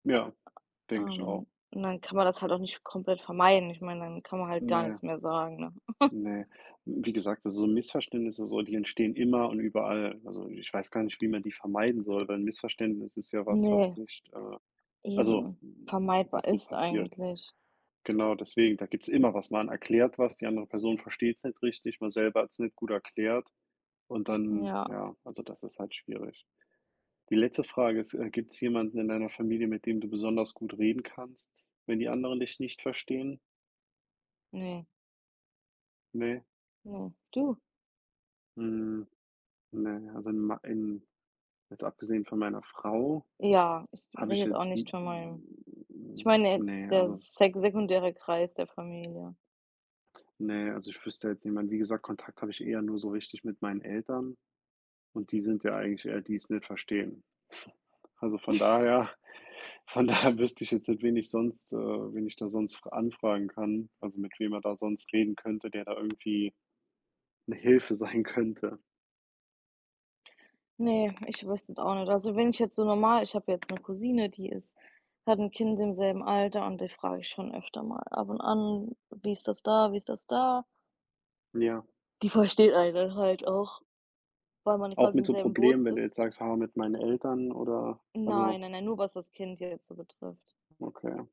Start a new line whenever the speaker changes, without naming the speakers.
Ja, denke ich auch.
Ähm, und dann kann man das halt auch nicht komplett vermeiden. Ich meine, dann kann man halt gar
Ne.
nix mehr sagen, ne?
Ne, wie gesagt, also, Missverständnisse, so, die entstehen immer und überall, also, ich weiß gar nicht, wie man die vermeiden soll, weil 'n Missverständnis ist ja was, was
Ne,
nicht, äh, also,
eben
n n
vermeidbar
was so
ist
passiert.
eigentlich.
Genau deswegen, da gibt's immer was. Man erklärt was, die andere Person versteht's nicht richtig, man selber hat's nicht gut erklärt und dann
Ja.
ja, also, das ist halt schwierig. Die letzte Frage ist, äh, gibt's jemanden in deiner Familie, mit dem du besonders gut reden kannst, wenn die anderen dich nicht verstehen?
Ne.
Ne?
Ne, du?
Hm, ne, also, in mei in jetzt abgesehen von meiner Frau,
Ja, ich
habe
rede
ich
jetzt auch
jetzt
nicht
n
von meinem ich
n
meine
n
jetzt
ne,
der
also
sek sekundäre Kreis der Familie.
Ne, also, ich wüsste da jetzt niemand, wie gesagt, Kontakt habe ich eher nur so richtig mit meinen Eltern und die sind ja eigentlich eher die's nicht verstehen, also, von daher von daher wüsste ich jetzt nicht, wen ich sonst äh, wen ich da sonst fra anfragen kann, also, mit wem man da sonst reden könnte, der da irgendwie 'ne Hilfe sein könnte.
Ne, ich wüsste jetzt auch nicht, also, wenn ich jetzt so normal ich habe jetzt 'ne Cousine, die ist hat 'n Kind im selben Alter und die frage ich schon öfter mal ab und an: „Wie ist das da, wie ist das da?”
Ja.
Die versteht einen dann halt auch, weil man
Auch
quasi
mit
im
so
selben Boot
Problemen, wenn du jetzt
sitzt.
sagst: „Ha, mit meinen Eltern“ oder
Nein,
also
nein, nein, nur was das Kind hier jetzt so betrifft.
Okay.